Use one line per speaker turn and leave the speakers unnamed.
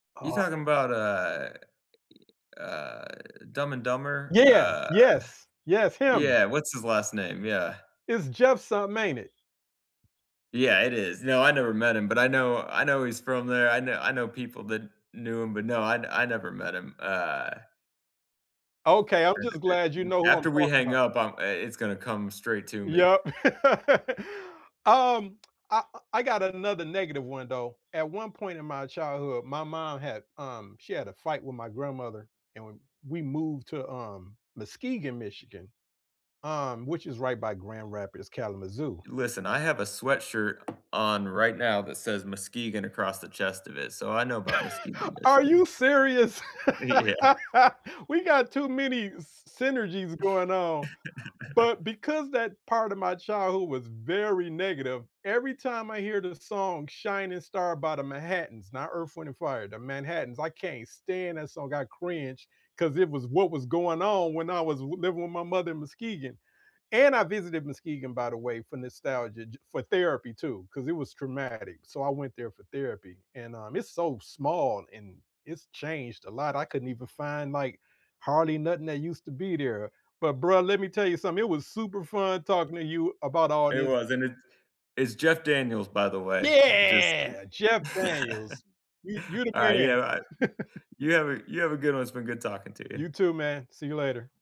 You
Aw
talking about, uh uh Dumb and Dumber?
Yeah, yeah.
Uh
Yes. Yes, him.
yeah, what's his last name? Yeah.
It's Jeff summin', ain't it?
Yeah, it is. No, I never met him, but I know I know he's from there. I know I know people that knew him, but, no, I I never met him. Uh
Okay, I'm
And
just
a
glad you
a
know who I'm
after we
talking
hang
'bout.
up, I'm I it's gonna come straight to me.
Yep. Um, I I I got another negative one, though. At one point in my childhood, my mom had um, she had a fight with my grandmother, and we we moved to, um, Muskegon, Michigan, um, which is right by Grand Rapids, Kalamazoo.
Listen, I have a sweatshirt on right now that says Muskegon across the chest of it, so I know about Muskegon,
Are
Michigan.
you serious?
Yeah.
We got too many s synergies going on. But because that part of my childhood was very negative, every time I hear the song "Shining Star" by The Manhattans- not Earth, Wind& Fire, The Manhattans- I can't stand that song, I cringe, 'cause it was what was going on when I was w living with my mother in Muskegon. And I visited Muskegon, by the way, for nostalgia, j for therapy, too, 'cause it was traumatic, so I went there for therapy, and, um, it's so small, and it's changed a lot, I couldn't even find, like, hardly nothing that used to be there. But bro, let me tell you something, it was super fun talking to you about all
It
this
was, and it's it's Jeff Daniels, by the way. Just,
Yeah!
uh
Jeff Daniels. You you the
alright, yeah, right
man.
you have a you have a good one, it's been good talking to you.
You too, man. See you later.